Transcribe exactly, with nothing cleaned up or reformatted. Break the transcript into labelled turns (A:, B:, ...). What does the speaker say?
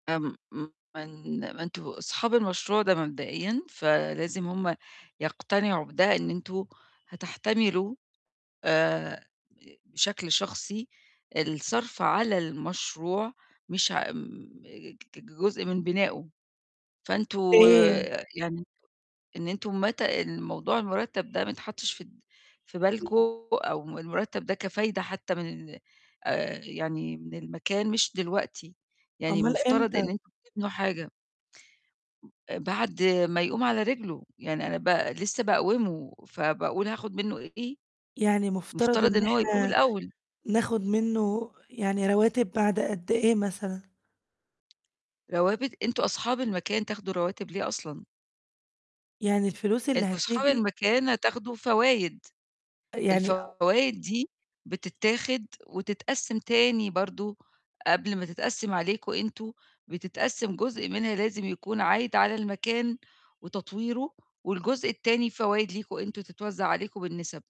A: آمم، م ما أن ما أنتم أصحاب المشروع ده مبدئيًا، فلازم هُم يقتنعوا بده، إن أنتم هتحتملوا آآ بشكل شخصي الصرف على المشروع، مش ع م ك كجزء من بنائه، فأنتم
B: [unintelligible]
A: آآ يعني إن أنتم متى الموضوع المُرتَب ده ما يتحطش في في بالكم أو المُرتَب ده كفايدة حتى من آآ يعني من المكان مش دلوقتي، يعني
B: أُمَّال
A: المفترض إن
B: إمتى؟
A: أنتم تبنوا حاجة. بعد ما يقوم على رجله، يعني أنا ب لسه باقوّمه فباقول هاخد منه إيه؟
B: يعني مفترض
A: مفترض
B: إن
A: إنه هو يقوم
B: إحنا
A: الأول.
B: ناخد منه يعني رواتب بعد قد إيه مثلًا؟
A: روابت، أنتم أصحاب المكان تاخدوا رواتب ليه أصلًا؟
B: يعني الفلوس اللي
A: أنتم صحاب
B: هتيجي
A: المكان هتاخدوا فوايد.
B: يعني آآ
A: الفوايد دي بتتاخد، وتتقسّم تاني برضه، قبل ما تتقسّم عليكم أنتم، بتتقسّم جزء منها لازم يكون عايد على المكان، وتطوّيره، والجزء التاني فوايد ليكم أنتم، تتوزّع عليكم بالنِسَب.